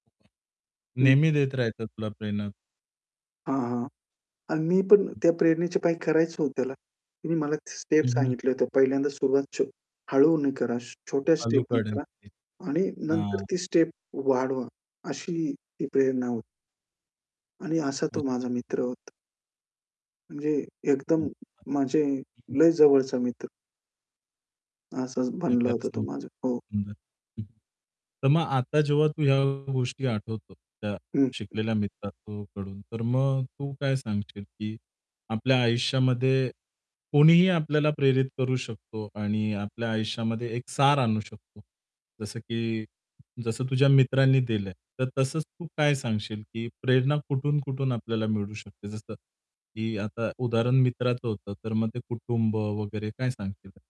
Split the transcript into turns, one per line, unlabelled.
हं.
नेहमी देत राहायचं तुला प्रेरणा?
हां, हां. अन मी पण
हं.
त्या प्रेरणेचे पायी करायचं हो त्याला. तिने मला स्टेप
हं, हं.
सांगितल्या होत्या. पहिल्यांदा सुरुवात छो हळूने करा, छ छोट्या स्टेपनी करा
[unintelligible] ते
आणि नंतर
हां.
ती स्टेप वाढवा, अशी ती प्रेरणा होती. आणि असा तो
अच्छा.
माझा मित्र होता. म्हणजे
अच्छा.
एकदम म्हणजे
हं, हं.
लय जवळचा मित्र. असंच बनला
[unintelligible]
होतं तो
सुंदर
माझा. हो.
हं. तर मग आता जेव्हा तू ह्या गोष्टी आठवतो, त्या
हं, हं.
शिकलेल्या मित्रा तो कडून. तर मग तू काय सांगशील की आपल्या आयुष्यामध्ये कोणीही आपल्याला प्रेरित करू शकतो आणि आपल्या आयुष्यामध्ये एक सार आणू शकतो. जसं की जसं तुझ्या मित्रांनी दिलं. तर तसंच तू काय सांगशील की प्रेरणा कुठून-कुठून आपल्याला मिळू शकते? जसं की आता उदाहरण मित्राचं होतं. तर मग ते कुटुंब वगैरे काय सांगशील?